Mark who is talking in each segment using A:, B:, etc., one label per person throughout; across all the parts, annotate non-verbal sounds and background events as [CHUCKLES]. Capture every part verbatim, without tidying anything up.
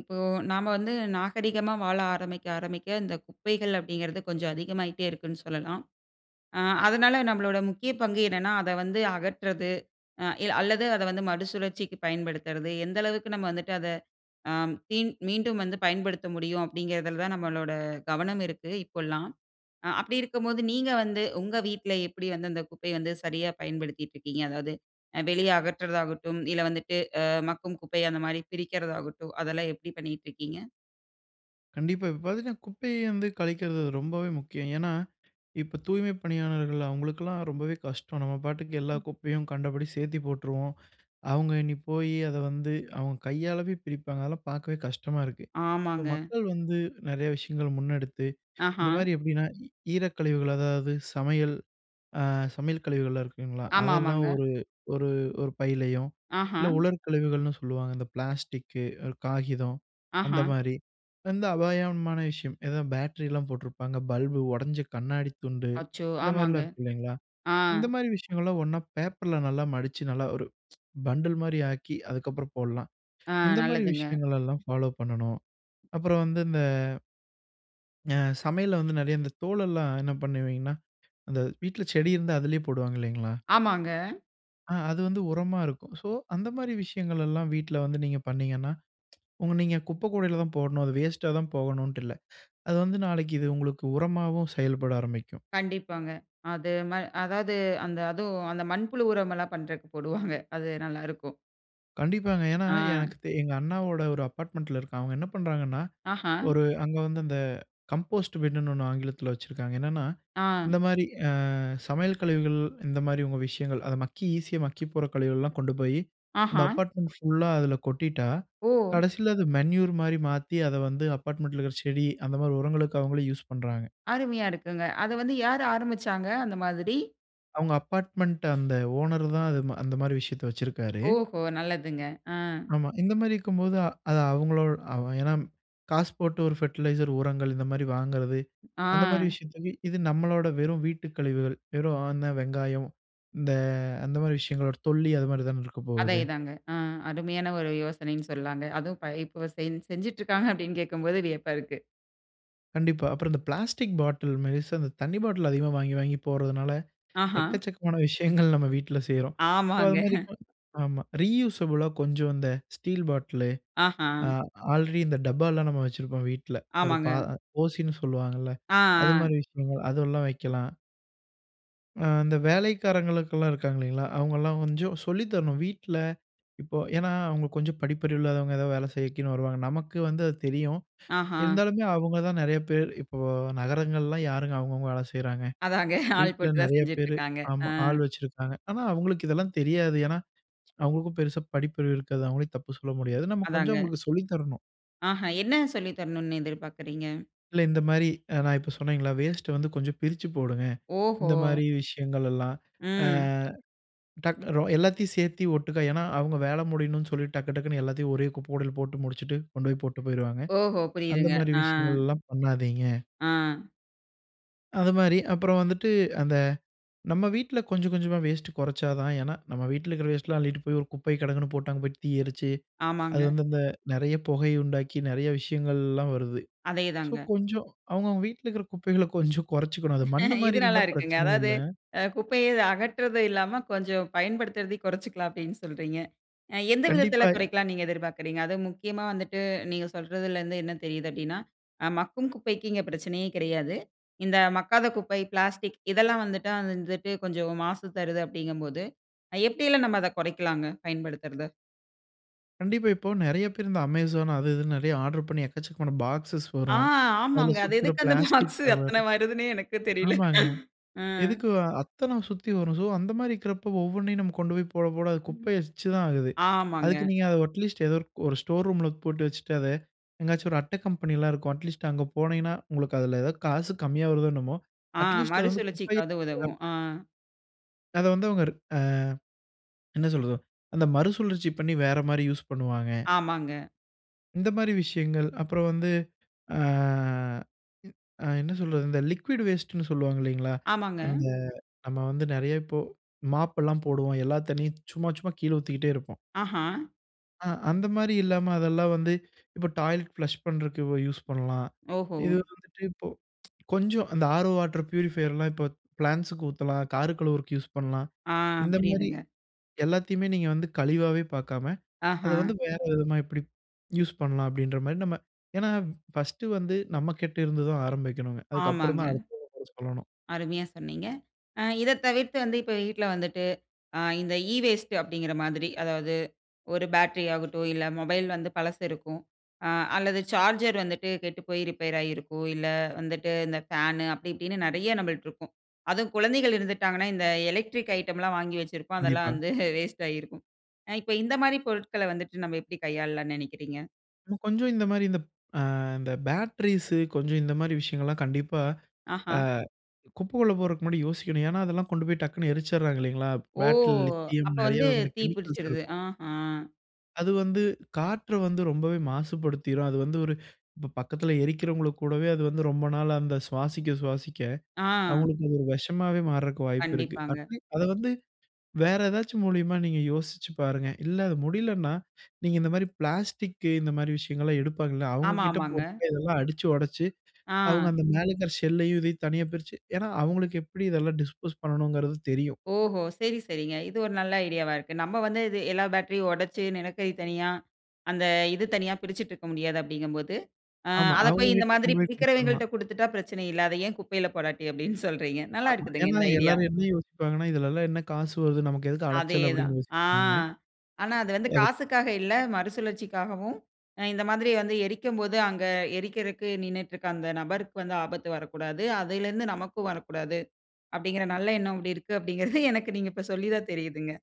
A: இப்போ நாம வந்து நாகரிகமா வாழ ஆரம்பிக்க ஆரம்பிக்க இந்த குப்பைகள் அப்டிங்கிறது கொஞ்சம் அதிகமாகிட்டே இருக்குன்னு சொல்லலாம். அ அதனால நம்மளோட முக்கிய பங்கு என்னென்னா, அத வந்து அகற்றது, அ இல் அல்லது அத வந்து மறுசுழற்சிக்கு பயன்படுத்துறது, எந்த அளவுக்கு நம்ம வந்துட்டு அத அ மீண் மீண்டும் வந்து பயன்படுத்த முடியும் அப்படிங்கிறதுல தான் நம்மளோட கவனம் இருக்கு இப்போலாம். அ அப்டி இருக்கும் போது நீங்க வந்து உங்க வீட்ல எப்டி வந்து அந்த குப்பைய வந்து சரியா பயன்படுத்திட்டுருக்கீங்க? அதாவது வெளிய அகற்றுறதாகட்டும், இல்ல வந்துட்டு, அ மக்கும் குப்பை அந்த மாரி பிரிக்கிறதாகட்டும், அதெல்லாம் எப்டி பண்ணிக்கிட்டுருக்கீங்க?
B: கண்டிப்பா இப்போ பார்த்திங்கன்னா குப்பையை வந்து கழிக்கிறது ரொம்பவே முக்கியம். ஏன்னா, இப்போ தூய்மை பணியாளர்கள் அவங்களுக்கெல்லாம் ரொம்பவே கஷ்டம். நம்ம பாட்டுக்கு எல்லா
A: ம்.
B: குப்பையும் கண்டபடி சேர்த்தி போட்டுருவோம், [INHALES] அவங்க இனி போய் அத வந்து அவங்க கையாலவே பிரிப்பாங்க, அதெல்லாம் பார்க்கவே கஷ்டமா இருக்கு. இப்போ
A: ஆமாங்க.
B: மக்கள் வந்து நெறைய விஷயங்கள் முன்னெடுத்து, இந்த
A: ஆஹ!
B: மாரி எப்டின்னா, ஈரக்கழிவுகள் அதாவது சமையல் அ சமையல் கழிவுகள்லாம் இருக்குங்களா,
A: ஆமா
B: அதெல்லாம்
A: ஆமாங்க.
B: ஒரு ஒரு-ஒரு பையலையும்,
A: ஆஹ!
B: இல்ல உலர் கழிவுகள்ன்னு சொல்லுவாங்க இந்த பிளாஸ்டிக்கு, காகிதம் அந்த
A: ஆஹ!
B: மாரி வந்து அபாயமான விஷயம். ஏதோ பேட்டரிலாம் போட்ருப்பாங்க, பல்பு, ஒடைஞ்ச கண்ணாடி துண்டு
A: அச்சோ!
B: இந்த மாரிலாம்
A: ஆமாங்க
B: இருக்கு இல்லைங்களா?
A: அஹ்.
B: இந்த மாரி விஷயங்கள்லாம் ஒண்ணா பேப்பர்ல நல்லா மடிச்சு நல்லா ஒரு [SMACKS LIPS] பண்டில் மாரி ஆக்கி அதுக்கப்புறம் போடலாம்.
A: ஆ
B: [INHALES] இந்த மாரி
A: நல்லதுங்க.
B: விஷயங்களெல்லாம் ஃபாலோ பண்ணணும் அப்புறம் வந்து இந்த ஆ சமையல்ல வந்து நெறைய இந்த தோலெல்லாம் என்ன பண்ணுவீங்கன்னா, அந்த வீட்ல செடி இருந்தா அதுலயே போடுவாங்க இல்லைங்களா?
A: ஆமாங்க.
B: அ அது வந்து உரமா இருக்கும். சோ அந்த மாரி விஷயங்களல்லாம் வீட்ல வந்து நீங்க பண்ணீங்கன்னா, [SMACKS LIPS] உங்க நீங்க குப்பைக்கூடையில தான் போடணும். அது வேஸ்ட்‌டா தான் போகணும்ன்ட்டு இல்ல. [INHALES] அது வந்து நாளைக்கு இது உங்களுக்கு உரமாவும் செயல்பட ஆரம்பிக்கும்.
A: கண்டிப்பாங்க. அது ம அதாவது அந்த அதுவும் அந்த மண்புழு உரமல்லாம் பண்ணுறதுக்கு போடுவாங்க. அது நல்லா இருக்கும்.
B: கண்டிப்பாங்க, ஏன்னா
A: ஆ.
B: எனக்குத் எங்க அண்ணாவோட ஒரு அப்பார்ட்மெண்ட்டில இருக்கான். அவங்க என்ன பண்ணுறாங்கன்னா?
A: ஆஹா.
B: [INHALES] ஒரு அங்க வந்து அந்த கம்போஸ்ட் பின்னு ஒண்ணு ஆங்கிலத்தில வச்சுருக்காங்க. என்னன்னா
A: ஆ.
B: இந்த மாரி அ சமையல் கழிவுகள், இந்த மாரி உங்க விஷயங்கள் அத மக்கி ஈஸியா மக்கி போற கழிவுகள்லாம் கொண்டு போயி. அந்த
A: ஆஹா.
B: அப்பார்ட்மெண்ட் ஃபுல்லா அதுல கொட்டிட்டா,
A: ஓ!
B: கடைசியில அது மென்யூர் மாரி மாத்தி, அத வந்து அப்பார்ட்மெண்ட்டில இருக்கிற செடி, அந்த மாரி உரங்களுக்கு அவங்களே யூஸ் பண்ணுறாங்க.
A: அருமையா இருக்குங்க. அத வந்து யார் ஆரம்பிச்சாங்க? அந்த மாதிரி.
B: அவங்க அப்பார்ட்மெண்ட், அந்த ஓனர் தான் அதுமா அந்த மாரி விஷயத்தை வச்சிருக்காரு.
A: ஓஹோ! நல்லதுங்க. அ.
B: ஆமா, இந்த மாரி இருக்கும்போது. அ அது அவங்களோடு அவ ஏன்னா, காசு போட்டு ஒரு ஃபெர்டிலைசர் உரங்கள் இந்த மாதிரி வாங்குறது, அந்த மாரி
A: ஆ.
B: விஷயத்துக்கு இது நம்மளோட வெறும் வீட்டு கழிவுகள். வெறும் அந்த வெங்காயம், இந்த அந்த மாரி விஷயங்களோட தொல்லி, அது மாதிரி தான
A: அதே
B: இருக்கப்போகுது.
A: தாங்க, ஆ அருமையான ஒரு யோசனைன்னு சொல்லலாங்க. அதுவும் இப்ப இ இப்போ செஞ் செஞ்சுட்டுருக்காங்க [CHUCKLES] அப்படீன்னு கேட்கும் போது வியப்பா இருக்கு.
B: கண்டிப்பா. அப்பறம் இந்த பிளாஸ்டிக் பாட்டில் மாரி ச அந்த தண்ணி பாட்டில் அதிகமா வாங்கி, வாங்கி போடுறதுனால,
A: ஆஹாம்.
B: எக்கச்சக்கமான விஷயங்கள் நம்ம வீட்ல செய்றோம். ஸோ அதுமாரி
A: ஆமாங்க.
B: ப ஆமா. ரீயூசபுளா கொஞ்சம் இந்த ஸ்டீல் பாட்டிலு.
A: ஆஹா.
B: அ ஆல்ரெடி இந்த டப்பாலாம் நம்ம வச்சிருப்போம் வீட்ல. ஒரு பா
A: ஆமாங்க.
B: ஓசின்னு சொல்லுவாங்கல்ல.
A: ஆ,
B: [INHALES] அதுமாரி
A: ஆ.
B: விஷயங்கள் அதெல்லாம் வைக்கலாம். அ இந்த வேலைக்காரங்களுக்கெல்லாம் இருக்காங்க இல்லைங்களா? அவங்கல்லாம் கொஞ்சம் சொல்லி தரணும். வீட்ல, இப்போ ஏன்னா அவங்க கொஞ்சம் படிப்பறிவு இல்லாதவங்க. ஏதோ வேலை செய்யக்கினு வருவாங்க. நமக்கு வந்து அது தெரியும். [INHALES]
A: ஆஹா.
B: இருந்தாலுமே அவங்க தான் நெறைய பேர் இப்போ நகரங்கள்லாம் யாருங்க அவங்கவங்க வேலை செய்றாங்க?
A: அதாங்க. [CHUCKLES] ஆள்
B: வீட்ல
A: போட்டு தான்
B: நெறைய பேரு
A: செஞ்சுட்டுருக்காங்க. அ.
B: ஆமா ஆள் வச்சிருக்காங்க. ஆனா அவங்களுக்கு இதெல்லாம் தெரியாது. ஏன்னா அவங்களுக்கும் பெருசா படிப்பறிவு இருக்காது. அவங்களையும் தப்பு சொல்ல முடியாது. நம்ம கொஞ்சம்
A: அதாங்க.
B: அவங்களுக்கு சொல்லி தரணும்.
A: ஆஹா. என்ன சொல்லித்தரணும்னு எதிர்பார்க்கிறீங்க?
B: இல்ல. இந்த மாரி, அ நான் இப்ப சொன்னேங்கல்ல, வேஸ்ட்டு வந்து கொஞ்சம் பிரிச்சு போடுங்க. இந்த
A: ஓஹோ!
B: மாரி விஷயங்கள்லல்லாம், அ
A: ம்.
B: டக் ரோ எல்லாத்தையும் சேர்த்து ஒட்டுக்க. ஏன்னா, அவங்க வேலை முடியணும்னு சொல்லி டக்கு, டக்குன்னு எல்லாத்தையும் ஒரே குப்பை கூடையில போட்டு முடிச்சுட்டு, கொண்டு போய் போட்டு போயிருவாங்க.
A: ஓஹோ!
B: அந்த
A: புரியுதுங்க.
B: மாரி
A: அ.
B: விஷயங்கள்லாம் பண்ணாதீங்க.
A: ஆ.
B: அது மாரி. அப்பறம் வந்துட்டு, அந்த நம்ம வீட்டுல கொஞ்சம் கொஞ்சமா வேஸ்ட்டு கொறைச்சா தான். ஏன்னா நம்ம வீட்டுல இருக்கிற வேஸ்ட்டல்லாம் அள்ளிட்டு போய் ஒரு குப்பை கிடங்குன்னு போட்டு, அங்க போய் தீ எரிச்சு, அது
A: ஆமாங்க.
B: வந்து அந்த நெறைய புகையை உண்டாக்கி, நெறைய விஷயங்கள்லாம் வருது.
A: அதே
B: ஸோ
A: தாங்க.
B: கொஞ்சம் அவங்கவங்க வீட்டில இருக்கிற குப்பைகள கொஞ்சம் கொறைச்சுக்கணும். அது மண்ணு
A: [LAUGHS]
B: மாரி
A: இது நல்லா
B: இருந்தா
A: இருக்குங்க.
B: பிரச்சனை
A: அதாவது,
B: இல்ல.
A: "அ குப்பைய அகற்றுறதும் இல்லாம, கொஞ்சம் பயன்படுத்துறதையும் கொறைச்சுக்கலாம்." அப்படீன்னு சொல்றீங்க. அ எந்த விதத்தில
B: கண்டிப்பா இ
A: குறைக்கலாம்ன்னு நீங்க எதிர்பார்க்குறீங்க? அதுவும் முக்கியமா வந்துட்டு நீங்க சொல்றதிலருந்து என்ன தெரியுது அப்படீன்னா, "அ மக்கும் குப்பைக்கு இங்க பிரச்சனையே கிடையாது. இந்த மக்காத குப்பை பிளாஸ்டிக் இதெல்லாம் வந்துட்டு வந்துட்டு கொஞ்சம் மாசு தருது" அப்படீங்கும் போது, அ எப்படியெல்லாம் நம்ம அத கொறைக்கலாங்க பயன்படுத்துறத?
B: கண்டிப்பா. இப்போ நெறைய பேர் இந்த Amazon, அது, இதுன்னு நெறைய ஆர்டர் பண்ணி எக்கச்சக்கமான பாக்ஸஸ்
A: ஆ
B: வரும். அதுல
A: ஆமாங்க. அது
B: சுத்துற
A: எதுக்கு அந்த
B: பிளாஸ்டிக்
A: பாக்ஸு
B: கவர்
A: அத்தனை வருதுன்னே எனக்கும் தெரியல.
B: ஆமாங்க.
A: அஹ்.
B: எதுக்கு அ அத்தன சுத்தி வரும்? சோ அந்த மாதிரி இருக்குறப்போ ஒவ்வொன்னையும் நம்ம கொண்டு போய் போட, போட அது
A: ம்.
B: குப்பைய எச்சு தான் ஆகுது. [INHALES]
A: ஆமாங்க.
B: அதுக்கு நீங்க அதை அட்லீஸ்ட் ஏதோருக் ஒரு ஸ்டோர் ரூம்‌ல போட்டு வச்சுட்டு அத, எங்காச்சு ஒரு அட்டை கம்பெனியல்லாம் இருக்கும். அட்லீஸ்ட் அங்க போனீங்கன்னா, உங்களுக்கு அதுல ஏதாவது காசு கம்மியா வருதோ என்னமோ,
A: ஆ.
B: அட்லீஸ்ட் அது வந்து குப்பையில்
A: மறுசுழற்சிக்காவது உதவும். ஆ
B: போடாம அத வந்து அவங்க ஆ என்ன சொல்றது அந்த மறுசுழற்சி பண்ணி வேற மாரி யூஸ் பண்ணுவாங்க.
A: ஆமாங்க.
B: இந்த மாரி விஷயங்கள். அப்புறம் வந்து, ஆ ஆ என்ன சொல்றது? இந்த லிக்விட் வேஸ்ட்னு சொல்லுவாங்க இல்லீங்கலா.
A: ஆமாங்க.
B: அந்த நம்ம வந்து நெறைய இப்போ மாப் எல்லாம் போடுவோம். எல்லா தண்ணீயும் சும்மா சும்மா கீழே ஊத்திகிட்டே இருப்போம்.
A: ஆஹ.
B: ஆ அந்த மாரி இல்லாம, அதெல்லாம் வந்து [INHALES] இப்போ டாய்லெட் பிளஷ் பண்ணுறக்கு யூஸ் பண்ணலாம்.
A: ஓஹோ!
B: இது வந்துட்டு இப்போ [TSK] கொஞ்சம் அந்த ஆரோ வாட்டர், பியூரிஃபையர்லாம் இப்போ பிளான்ட்ஸுக்கு ஊத்தலாம். கார் கழுவருக்கு யூஸ் பண்ணலாம்.
A: ஆ,
B: இந்த மாதிரி
A: புரியுதுங்க
B: எல்லாத்தையுமே நீங்க வந்து கழிவாவே பார்க்காம, அத வந்து
A: ஆஹ.
B: வேற விதமா எப்படி யூஸ் பண்ணலாம்? அப்படின்ற மாரி, நம்ம ஏன்னா ஃபர்ஸ்ட்டு வந்து நம்மகிட்ட இருந்துதா ஆரம்பிக்கணுங்க. அதுக்கப்புறம்
A: ஆமாங்க.
B: தான் அடுத்தவங்கட்ட சொல்லணும்.
A: அருமையா சொன்னீங்க. அ இத தவிர்த்து வந்து, இப்போ வீட்ல வந்துட்டு, அ இந்த ஈ வேஸ்ட்டு அப்படிங்கிற மாதிரி, அதாவது ஒரு பேட்டரி ஆகட்டும். இல்ல மொபைல் வந்து பழசு இருக்கும். அ அல்லது சார்ஜர் வந்துட்டு கெட்டு போய் ரிப்பேர் ஆயிருக்கும். இல்ல வந்துட்டு இந்த ஃபேனு அப்படி இப்படின்னு நிறைய நம்மள்ட்ட இருக்கும். அதுவும் குழந்தைகள் இருந்துட்டாங்கன்னா, இந்த எலக்ட்ரிக் ஐட்டம்லாம் வாங்கி வச்சிருப்போம். [LAUGHS] அதெல்லாம்
B: கண்டிப்பா.
A: வந்து வேஸ்ட் ஆயிருக்கும். அ இப்போ இந்த மாரி பொருட்கள வந்துட்டு, நம்ம எப்படி கையாளலாம்ன்னு நினைக்கிறீங்க?
B: கொஞ்சம் இந்த மாதிரி இந்த, ஆ இந்த பேட்டரீஸ் கொஞ்சம் இந்த மாதிரி விஷயங்கள் எல்லாம் கண்டிப்பா, ஆ
A: ஆஹா.
B: குப்பைக்குள்ள போறக்கு முன்னாடி யோசிக்கணும். ஏன்னா அதெல்லாம் கொண்டுபோய் டக்குன்னு எரிச்சுடுறாங்க இல்லைங்களா?
A: ஓ!
B: பேட்டரில லித்தியம்
A: அப்போ
B: நெறைய
A: வந்து
B: வகையான
A: தீ
B: கெமிக்கல்ஸ்
A: பிடிச்சுடுது.
B: இருக்கும்.
A: அஹா.
B: அது வந்து காற்று வந்து ரொம்பவே மாசுபடுத்திரும். அது வந்து [INHALES] ஒரு ப பக்கத்தில எரிக்கிறவங்களுக்கு கூடவே அது வந்து ரொம்ப நாள் அந்த சுவாசிக்க சுவாசிக்க
A: ஆ.
B: அவங்களுக்கு அது ஒரு விஷமாவே மாற்றக்கு வாய்ப்பு இருக்கு.
A: கண்டிப்பாங்க.
B: [UNINTELLIGIBLE] அத வந்து வேற ஏதாச்சு மூலியமா நீங்க யோசிச்சு பாருங்க. இல்ல அது முடியலன்னா, [INHALES] நீங்க இந்த மாதிரி பிளாஸ்டிக், இந்த மாதிரி விஷயங்கள் எல்லாம் எடுப்பாங்கல்ல, அவங்க
A: ஆமா,
B: கிட்ட
A: ஆமாங்க.
B: போட்டு இதெல்லாம் அடிச்சு உடைச்சு [INHALES] அவங்க
A: ஆ.
B: அந்த மேல இருக்கற ஷெல்லையும் இதையும் தனியா பிரிச்சு. ஏன்னா? அவங்களுக்கு எப்டி இதெல்லாம் டிஸ்போஸ் பண்ணணும்ங்கறது தெரியும்.
A: ஓஹோ! சரி, சரிங்க. இது ஒரு நல்ல ஐடியாவா இருக்கு. நம்ம வந்து இது எல்லா பேட்டரி உடைச்சு நிலக்கரி தனியா, அந்த இது தனியா பிரிச்சுட்டு இருக்க முடியாது அப்பன்ற போது, ஆ
B: ஆமா,
A: அதை
B: அவங்க
A: போய் இந்த
B: கிட்ட
A: மாதிரி
B: கொண்டு போய் குடுத்துடலாம்.
A: பிரிக்கிறவர்கள்ட்ட குடுத்துட்டா பிரச்சனை இல்ல. அத ஏன் குப்பையில் போடாட்டி அப்டின்னு [CHUCKLES] சொல்றீங்க. நல்லா
B: ஆமா.
A: இருக்குதுங்க
B: ஏன்னா
A: இந்த ஐடியா.
B: எல்லாரும் என்ன யோசிப்பாங்கன்னா, "இதில எல்லாம் என்ன காசு வருது? நமக்கு எதுக்கு
A: அதே
B: அலைச்சல்?"
A: தான்.
B: அப்டின்னு
A: ஆ
B: யோசிப்பாங்க.
A: ஆனா, அது வந்து
B: அது
A: காசுக்காக இல்ல, மறுசுழற்சிக்காகவும், இந்த மாதிரி வந்து எரிக்கும்போது அங்கே எரிப்பதற்கு நின்னுகிட்டு இருக்க அந்த நபருக்கு வந்து ஆபத்து வரக்கூடாது. அதில இருந்து நமக்கும் வரக்கூடாது. அப்டின்கிற நல்ல எண்ணம் இப்படி [CHUCKLES] இருக்குது. அப்டிங்கிறது எனக்கு நீங்க இப்போ சொல்லி தான் தெரியுதுங்க.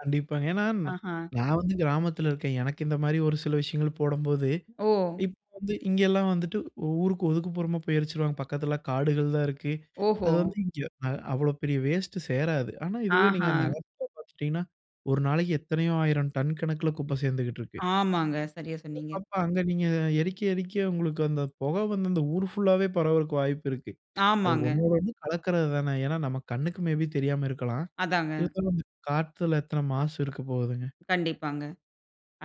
B: கண்டிப்பாங்க, ஏன்னா ந
A: ஆஹா.
B: நான் வந்து கிராமத்தில இருக்கன். எனக்கு இந்த மாரி ஒரு சில விஷயங்கள் போடும்போது
A: ஓ!
B: இப்போ வந்து இங்கே எல்லாம் வந்துட்டு ஊருக்கு ஒதுக்குப்புறமா போய் எரிச்சுருவாங்க. பக்கத்தில காடுகள் தான் இருக்கு.
A: ஓஹோ!
B: அது வந்து இங்கே அ அவ்ளோ பெரிய வேஸ்ட்டு சேராது. ஆனா, இதுவே நீங்க
A: ஆஹா.
B: நகரத்தில பார்த்துட்டீங்கன்னா, ஒரு நாளைக்கு எத்தனையோ ஆயிரம் டன் கணக்கில குப்பை சேர்ந்துட்டு இருக்கு.
A: ஆமாங்க, சரியா சொன்னீங்க.
B: அப்போ அங்கே நீங்க எரிக்க எரிக்க உங்களுக்கு அந்த புகை வந்து அந்த ஊர் ஃபுல் ஆவே பரவுவதற்கு வாய்ப்பு இருக்கு. அது
A: ஆமாங்க.
B: ஒன்னோடு ஒன்னு கலக்குறது தானே. ஏன்னா, நம்ம கண்ணுக்கு மே பி தெரியாம இருக்கலாம்.
A: அதாங்க.
B: இருந்தாலும் அந்த காத்துல எத்தனை மாசு இருக்கப்போகுதுங்க?
A: கண்டிப்பாங்க,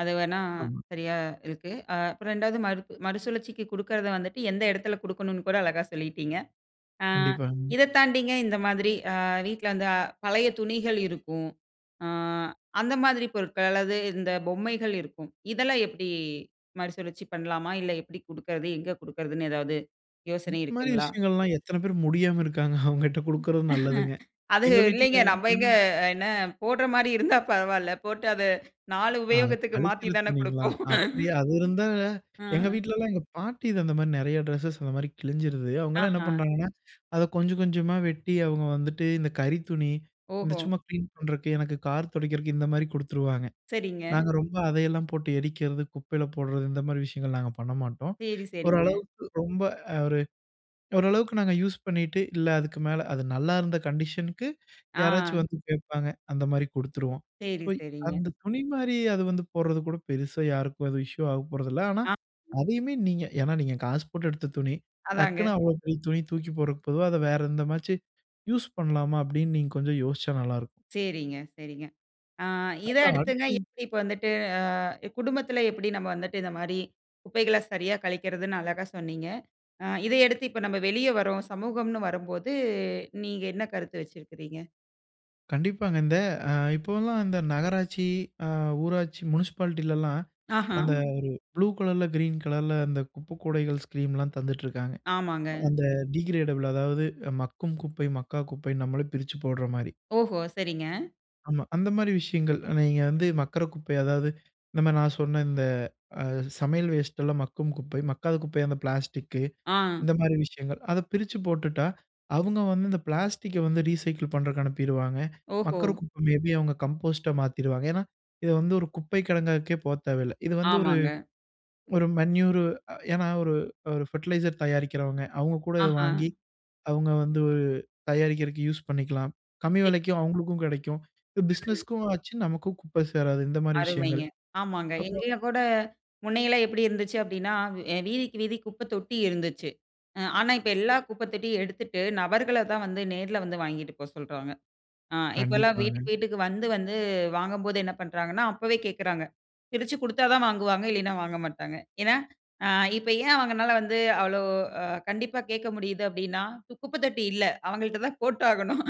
A: அது வேணா
B: ஆமா.
A: சரியா இருக்கு. அ அப்புறம் ரெண்டாவது மறு மறுசுழற்சிக்கு குடுக்குறத வந்துட்டு எந்த இடத்தில குடுக்கணும்னு கூட அழகா சொல்லீட்டிங்க. அ
B: கண்டிப்பாங்.
A: இத தாண்டிங்க இந்த மாதிரி வீட்டில அந்த அ பழைய துணிகள் இருக்கும். ஆ அந்த மாதிரி பொருட்கள் அல்லது இந்த பொம்மைகள் இருக்கும், இதெல்லாம் எப்டி மறுசுழற்சி பண்ணலாமா? இல்ல எப்டி குடுக்கறது? எங்க குடுக்குறதுன்னு? எதாவது யோசனை
B: [UNINTELLIGIBLE] மாதிரி
A: இருக்குங்களா?
B: விஷயங்கள் எல்லாம் எத்தனை பேர் முடியாம இருக்காங்க. [CHUCKLES] அவங்ககிட்ட குடுக்கறது நல்லதுங்க.
A: அது
B: எங்க வீட்டில
A: இல்லைங்க, நம்ம எங்கே
B: [UNINTELLIGIBLE]
A: என்ன போடுற மாரி இருந்தால் பரவாயில்ல. போட்டு அத நாலு
B: அ
A: உபயோகத்துக்கு மாத்தி
B: கழிக்கிற
A: தானே
B: துணிங்களா?
A: குடுப்போம்.
B: அப்டியே அது இருந்தா எங்க
A: ஆஹ.
B: வீட்டில எல்லாம் எங்க பாட்டி இது அந்தமாதிரி நெறைய ட்ரெஸ்ஸஸ் அந்த மாதிரி கிழிஞ்சிடுது. அவங்களலாம் என்ன
A: ஆஹா.
B: பண்ணுறாங்கன்னா, [INHALES] அத கொஞ்சம் கொஞ்சமா வெட்டி அவங்க வந்துட்டு இந்த கறி துணி, இந்த
A: ஓஹோ!
B: சும்மா கிளீன் பண்ணுறக்கு, எனக்கு கார் துடைக்கிறக்கு, இந்த மாதிரி குடுத்துருவாங்க.
A: சரிங்க.
B: நாங்க ரொம்ப அதையெல்லாம் போட்டு எரிக்கறது, குப்பையில போடுறது, இந்த மாரி விஷயங்கள் நாங்க பண்ண மாட்டோம்.
A: சரி,
B: [INHALES]
A: சரிங்க.
B: ஓரளவுக்கு ரொம்ப ஒரு ஓரளவுக்கு நாங்க யூஸ் பண்ணிட்டு, இல்ல அதுக்கு மேல அது நல்லாயிருந்த கண்டிஷனுக்கு [INHALES] யாராச்சும்
A: ஆ.
B: வந்து கேட்பாங்க. அந்த மாரி குடுத்துருவோம். ஸோ,
A: சரி, சரிங்க.
B: அந்த துணி மாரி அது வந்து போடுறது கூட பெருசா யாருக்கும் எதுவும் இஷ்யூ ஆகப்போறதில்ல. ஆனா,
A: ஆ.
B: அதையுமே நீங்க ஏன்னா நீங்க காசு போட்டு எடுத்த துணி. டக்குனு
A: அதாங்க.
B: அவ்ளோ பெரிய துணி தூக்கி போடுறதுக்கு பொதுவா அத வேறு எந்தமாச்சு யூஸ் பண்ணலாமா அப்டின்னு நீங்க கொஞ்சம் யோசிச்சா நல்லாயிருக்கும்.
A: சரிங்க, சரிங்க. ஆ இத
B: அப்புறம்
A: அடுத்துங்க
B: அடுத்து
A: எப்டி இப்போ வந்துட்டு, ஆ குடும்பத்தில எப்டி நாம வந்துட்டு இந்த மாதிரி குப்பைகளை சரியா கழிக்கிறதுன்னு அழகா சொன்னீங்க. ஆ இத அடுத்து இப்போ நாம வெளியே வர்றோம், சமூகம்ன்னு வரும்போது நீங்க என்ன கருத்து வச்சிருக்கிறீங்க?
B: கண்டிப்பாங்க. இந்த அ இப்போல்லாம் இந்த நகராட்சி அ ஊராட்சி முனிசிபாலிட்டிலல்லாம்
A: ஆஹா.
B: அந்த ஒரு ப்ளூ கலர்‌ல, கிரீன் கலர்‌ல அந்த குப்பக்கூடைகள் ஸ்கீம்ல்லாம் தந்துட்ருக்காங்க.
A: ஆமாங்க.
B: அந்த டிகிரேடபிள் அதாவது மக்கும் குப்பை, மக்கா குப்பை நம்மளே பிரிச்சுப் போடுற மாரி.
A: ஓஹோ! சரிங்க.
B: ஆமா. அந்த மாரி விஷயங்கள் நீங்க வந்து மக்குற குப்பை அதாவது இந்த மாரி நான் சொன்ன இந்த அ சமையல் வேஸ்டல்லாம் மக்கும் குப்பை. மக்காத குப்பை அந்த பிளாஸ்டிக்
A: ஆ.
B: இந்த மாரி விஷயங்கள். அத பிரிச்சுப் போட்டுட்டா அவங்க வந்து இந்த பிளாஸ்டிக வந்து ரீசைக்கிள் பண்றதுக்கு அனுப்பிருவாங்க.
A: ஓஹோ!
B: மக்குற குப்பை மே பி அவங்க கம்போஸ்டா மாத்திருவாங்க. ஏன்னா இத வந்து ஒரு குப்பை கிடங்குக்கே போக தேவைல்லை. இது வந்து ஒரு
A: ஆமாங்க.
B: ஒரு மேன்யூர் அ ஏன்னா ஒரு ஒரு ஃபெர்டிலைசர் தயாரிக்கிறவங்க அவங்க கூட இத
A: ஆஹா.
B: வாங்கி, அவங்க வந்து தயாரிக்கிறதற்கு யூஸ் பண்ணிக்கலாம். கம்மி விலைக்கு
A: [UNINTELLIGIBLE]
B: அவங்களுக்கும் கிடைக்கும்.
A: ம்.
B: பிசினஸ்‌க்கும் ஆச்சு. நமக்கும் குப்பை சேராது இந்த மாரி
A: அருமைங்க.
B: விஷயங்கள்.
A: ஆமாங்க.
B: அப்பறம்
A: எங்கயும் கூட முன்ன எல்லாம் எப்படி இருந்துச்சு அப்படின்னா, வ் வீதிக்கு வீதி குப்ப தொட்டி இருந்துச்சு. ம் ஆனா இப்ப எல்லா குப்பை தொட்டியும் எடுத்துட்டு நபர்களை தான் வந்து நேர்ல வந்து வாங்கிட்டு போ சொல்றாங்க. அ இப்போலாம்
B: கண்டிப்பாங்க.
A: வீட்டுக்கு வீட்டுக்கு வந்து வந்து வாங்கும்போது என்ன பண்ணுறாங்கன்னா, அப்பவே கேட்குறாங்க. பிரிச்சு குடுத்தா தான் வாங்குவாங்க இல்லைனா வாங்க மாட்டாங்க. ஏன்னா அ இப்ப ஏன் அவங்கனால வந்து அவ்வளோ, அ கண்டிப்பா கேட்க முடியுது அப்படின்னா, குப்பைத்தொட்டி இல்ல அவங்கள்ட்ட தான் போட்டாகணும்.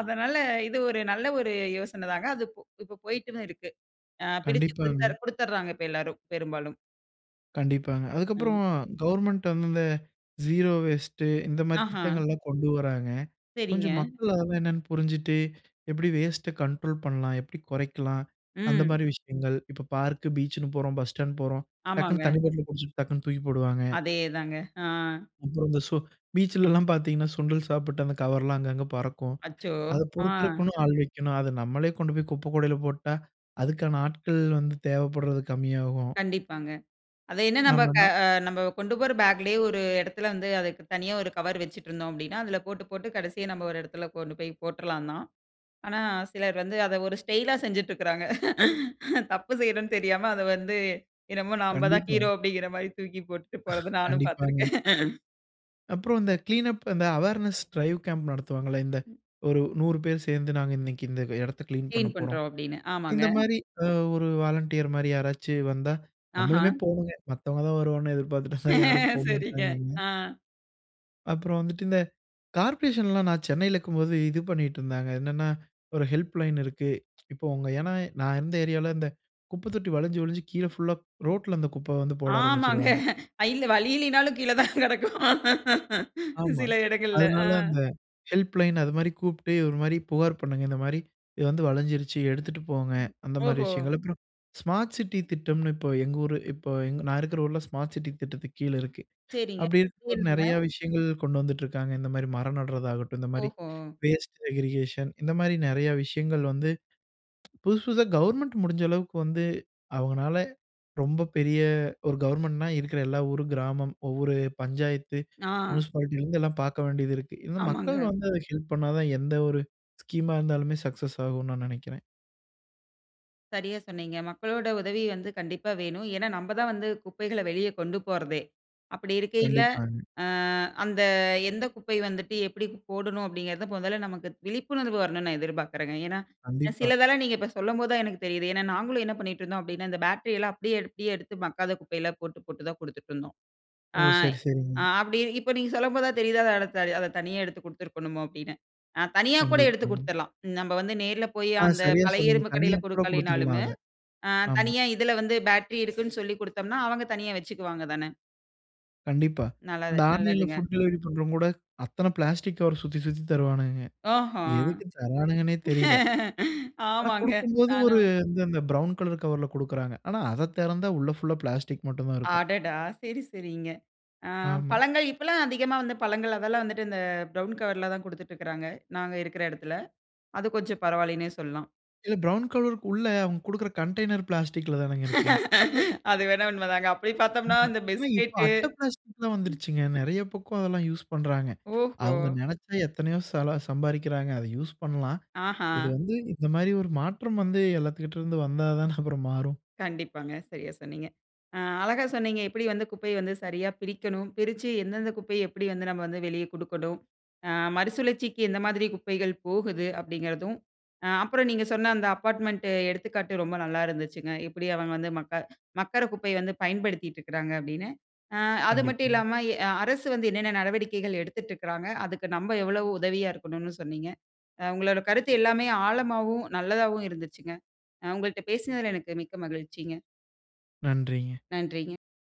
A: அதனால இது ஒரு நல்ல ஒரு யோசனை தாங்க. அது இப் இப்போ போயிட்டு தான் இருக்கு. அ பிரிச்சு
B: கண்டிப்பாங்க.
A: கொடுத்தர் கொடுத்தர்றாங்க இப்ப எல்லாரும் பெரும்பாலும்.
B: கண்டிப்பாங்க. அதுக்கப்புறம்
A: ம்.
B: கவர்ன்மென்ட் வந்து இந்த ஸீரோ வேஸ்ட் இந்த மாதிரி
A: ஆஹா.
B: திட்டங்கள் எல்லாம் கொண்டு வர்றாங்க.
A: சரிங்க.
B: கொஞ்சம் மக்கள் அதெல்லாம் என்னன்னு புரிஞ்சுட்டு எப்படி வேஸ்ட் கண்ட்ரோல் பண்ணலாம்? எப்படி குறைக்கலாம்? அந்த
A: ம்.
B: மாரி விஷயங்கள். இப்ப பார்க், பீச்ன்னு போறோம், பஸ் ஸ்டாண்ட் போறோம், டக்குனு
A: ஆமாங்க.
B: தண்ணீ பாட்ல குடிச்சுட்டு டக்குனு தூக்கி போடுவாங்க.
A: அதேதாங்க, ஆ.
B: அப்புறம் அந்த ஸோ பீச்‌ல எல்லாம் பார்த்தீங்கன்னா சுண்டல் சாப்பிட்டு அந்த கவர்லா அங்க அங்க பறக்கும்.
A: அச்சோ!
B: அத
A: ஆ.
B: பொறுக்கறதற்கு ஆள் வைக்கணும். அத நம்மளே கொண்டு போய் குப்பைக்கூடயில போட்டா, அதுக்கான ஆட்கள் வந்து தேவப்படுறது கம்மியாகும்.
A: கண்டிப்பாங்க. அத என்ன நம்ப க
B: ஆமாங்க.
A: அ நம்ப கொண்டு போற பேக்லயே ஒரு இடத்தில வந்து அதுக்கு தனியா ஒரு கவர் வச்சுட்ருந்தோம் அப்படின்னா அதில போட்டு போட்டு கடைசியா நம்ம ஒரு இடத்துல கொண்டு போய் போட்டறலாம் தான். ஆனா, சிலர் வந்து அத ஒரு ஸ்டைலா [CHUCKLES] செஞ்சுட்ருக்குறாங்க. தப்பு செய்றோம்னு தெரியாம, அத வந்து என்னமோ நம்ம தான்
B: கண்டிப்பா.
A: ஹீரோ அப்டிங்கிற மாரி தூக்கி போட்டுட்டு போறது
B: [CHUCKLES]
A: நானும்
B: கண்டிப்பாங்க.
A: பார்த்துருக்கேன்.
B: அப்புறம் இந்த கிளீனப் அந்த அவேர்னஸ் டிரைவ் கேம்ப் நடத்துவாங்கல்ல இந்த ஒரு நூறு பேர் சேர்ந்து நாங்க இன்னக்கி இந்த இடத்த கிளீன்
A: கிளீன்
B: பண்ணப்போறோம்.
A: பண்றோம் அப்டின்னு ஆமாங்க.
B: இந்த மாரி அ ஒரு வாலண்டியர் மாரி யாராச்சு வந்தா,
A: ஆஹா.
B: நம்மளுமே போணும்ங்க. மத்தவங்க தான் வருவாங்கன்னு எதிர்பார்த்துட்டு இருந்தா யாரும்
A: சரிங்க,
B: போமாட்டாங்கங்க.
A: ஆ.
B: அப்புறம் வந்துட்டு, இந்த கார்ப்ரேஷன்லாம் நான் சென்னையில இக்கும்போது, இது பண்ணிட்டு இருந்தாங்க. என்னன்னா, ஒரு ஹெல்ப்லைன் இருக்கு. [TSK] இப்ப உங்க ஏனா நான் இருந்த ஏரியாவில இந்த, குப்ப தொட்டி வழிஞ்சு வழிஞ்சு கீழ புல்‌லா ரோட்‌ல, அந்த குப்ப வந்து போட
A: ஆமாங்க,
B: ஆரம்பிச்சிடுவாங்க.
A: இல்ல வழி இல்லனாலும் கீழ தான் கிடக்கும்.
B: ஆமா,
A: சில இடங்கள்ல ஆ.
B: அதனால அந்த ஹெல்ப்லைன்னு அதுமாரி கூப்பிட்டு, ஒரு மாரி புகார் பண்ணுங்க. இந்த மாரி, இது வந்து வழிஞ்சிருச்சு எடுத்துட்டு போங்க. அந்த மாரி
A: ஓஹோ!
B: விஷயங்கள். அப்புறம், ஸ்மார்ட் சிட்டி திட்டம்னு இப்ப எங்க ஊரு இப்போ எங் நான் இருக்கிற ஊரில ஸ்மார்ட் சிட்டி திட்டத்துக்கு கீழ இருக்கு. [INHALES]
A: சரிங்க,
B: அப்படி இருக்கம்போது
A: கேளுங்க.
B: நிறைய விஷயங்கள் கொண்டு வந்துட்டு இருக்காங்க. இந்த மாரி மரம் நடுறதாகட்டும், இந்த மாரி
A: ஓஹோ.
B: [INHALES] வேஸ்ட் செக்ரிகேஷன் இந்த மாரி நிறைய விஷயங்கள் வந்து, புதுசு, புதுசா கவர்ன்மென்ட் முடிஞ்ச அளவுக்கு வந்து, அவுங்கனால ரொம்ப பெரிய ஒரு கவர்ன்மென்ட்னா இருக்கிற எல்லா ஊரு, கிராமம், ஒவ்வொரு பஞ்சாயத்து,
A: நா.
B: முனிசிபாலிட்டிலிருந்து எல்லாம் பார்க்க வேண்டிதிருக்கு. இந்த
A: [GRUNTS]
B: மக்கள்
A: ஆமாங்க.
B: வந்து, அத ஹெல்ப் பண்ணாதா, எந்த ஒரு ஸ்கீம்‌மா இருந்தாலுமே சக்சஸ் ஆகும்னு, நான் நினைக்கிறேன்.
A: சரியா சொன்னீங்க. மக்களோட உதவி வந்து கண்டிப்பா வேணும். ஏன்னா, நம்ம தான் வந்து குப்பைகள வெளிய கொண்டு போறதே. அப்படி இருக்கைல,
B: கண்டிப்பாங்க.
A: அ அந்த எந்த குப்பை வந்துட்டு எப்படி போடணும் அப்படிங்கிறது, முதல்ல நமக்கு விழிப்புணர்வு வரணும்னு நான் எதிர்பார்க்கிறேங்க. ஏன்னா,
B: கண்டிப்பா.
A: சிலதெல்லாம் நீங்க இப்ப சொல்லம்போது தான் எனக்கு தெரியுது. ஏன்னா நாங்களும் என்ன பண்ணிட்டு இருந்தோம் அப்படின்னா, இந்த பேட்டரி எல்லாம் அப்படியே எடுத்து, எடுத்து மக்காத குப்பையெல்லா போட்டு போட்டு தான் கொடுத்துட்ருந்தோம்.
B: ஓ,
A: ஆங்
B: சரி, சரிங்க.
A: ஆங் அப்படி இப்ப நீங்க சொல்லம்போது தான் தெரிதா. அ அத தனியா எடுத்துக் கொடுத்திருக்கணுமோ அப்படினு. ஆங் தனியா கூட எடுத்து
B: கண்டிப்பாங்க.
A: கொடுத்துடலாம். நம்ம வந்து நேரில போயி,
B: ஆ,
A: அந்த
B: சரியா
A: பழைய
B: சொன்னீங்க.
A: இரும்பு
B: தனியா
A: கடையில
B: கூட கொடுத்துடலாம்
A: கொடுக்கலனாலுமே.
B: அத,
A: ஆ
B: ஆமா.
A: தனியா இதில வந்து பேட்டரி இருக்குனு சொல்லி குடுத்தோம்னா, அவுங்க தனியா வச்சுக்குவாங்க தான?
B: கண்டிப்பா.
A: நல்லது,
B: இந்த ஆன்லைன்‌ல
A: நல்லதுங்க.
B: ஃபுட் டெலிவெரி பண்றவங்க கூட அத்தன ப்ளாஸ்டிக் கவர் சுத்தி, சுத்தி தருவானுங்க.
A: அஹம்.
B: எதுக்கு தர்றானுங்கன்னே தெரியல?
A: [LAUGHS]
B: ஆனா
A: ஆமாங்க
B: கொடுக்கும்போது ஒரு
A: நானும்
B: வந்து அந்த ப்ரவுன் கலர் கவர்‌ல கொடுக்குறாங்க. ஆனா அத தெறந்தா உள்ள ஃபுல்லா ப்ளாஸ்டிக் மட்டும் தான் இருக்கும்.
A: அடடா! சரி, சரிங்க. ஆ
B: ஆமா.
A: பழங்கள் இப்பலாம் அதிகமா வந்து பழங்கள் அதெல்லாம் வந்துட்டு இந்த ப்ரவுன் கவர்‌ல தான் குடுத்துட்ருக்காங்க நாங்க இருக்குற எடத்துல, அது கொஞ்சம் பரவாலன்னே சொல்லலாம்.
B: இல்ல ப்ரவுன் கவர்‌க்குள்ள அவுங்க குடுக்குற கண்டைனர் பிளாஸ்டிக்‌ல தானங்க இருக்கு.
A: [LAUGHS] அது வேணா உண்ம தாங்க. அப்டி பாத்தோம்னா
B: ஆமா,
A: இந்த
B: ஏனா இப்ப
A: பிஸ்கட்டு.
B: அட்ட ப்ளாஸ்டிக்லாம் வந்துடுச்சுங்க. நெறையா பக்கம் அதெல்லாம் யூஸ் பணறாங்க.
A: ஓஹோ!
B: அவங்க நெனச்சா எத்தனையோ சல சம்பாதிக்கிறாங்க. அத யூஸ் பண்லாம்.
A: ஆஹா.
B: இது வந்து இந்த மாரி ஒரு மாற்றம் வந்து எல்லாத்துக்கிட்ட இருந்து வந்தா தான [CHUCKLES] அப்றம் மாறும்.
A: கண்டிப்பாங்க சரியா சொன்னீங்க. அ அழகா சொன்னீங்க எப்டி வந்து குப்பைய வந்து சரியா பிரிக்கணும் பிரிச்சு எந்தெந்த குப்பைய எப்டி வந்து நாம வந்து வெளியே கொடுக்கனும். அ மறுசுழற்சிக்கு எந்த மாரி குப்பைகள் போகுது அப்டிங்கிறதும், அ அப்பறம் நீங்க சொன்ன அந்த அப்பார்ட்மென்ட் எடுத்துக்காட்டு ரொம்ப நல்லா இருந்துச்சுங்க. எப்டி அவங்க வந்து மக்க மக்கர குப்பைய வந்து பயன்படுத்திட்டு இருக்குறாங்க அப்படின்னு. அ அது மட்டும்
B: கண்டிப்பாங்க.
A: இல்லாம இ அரசு வந்து என்னென்ன நடவடிக்கைகள் எடுத்துட்டுருக்றாங்க. அதுக்கு நம்ம எவ்ளோ உதவியா இருக்கணுன்னு சொன்னீங்க. அ உங்களோட கருத்து எல்லாமே ஆழமாவும், நல்லதாவும் இருந்துச்சுங்க. அ உங்கள்ட பேசுனதுல எனக்கு மிக்க மகிழ்ச்சிங்க.
B: நன்றிங்க.
A: நன்றிங்க.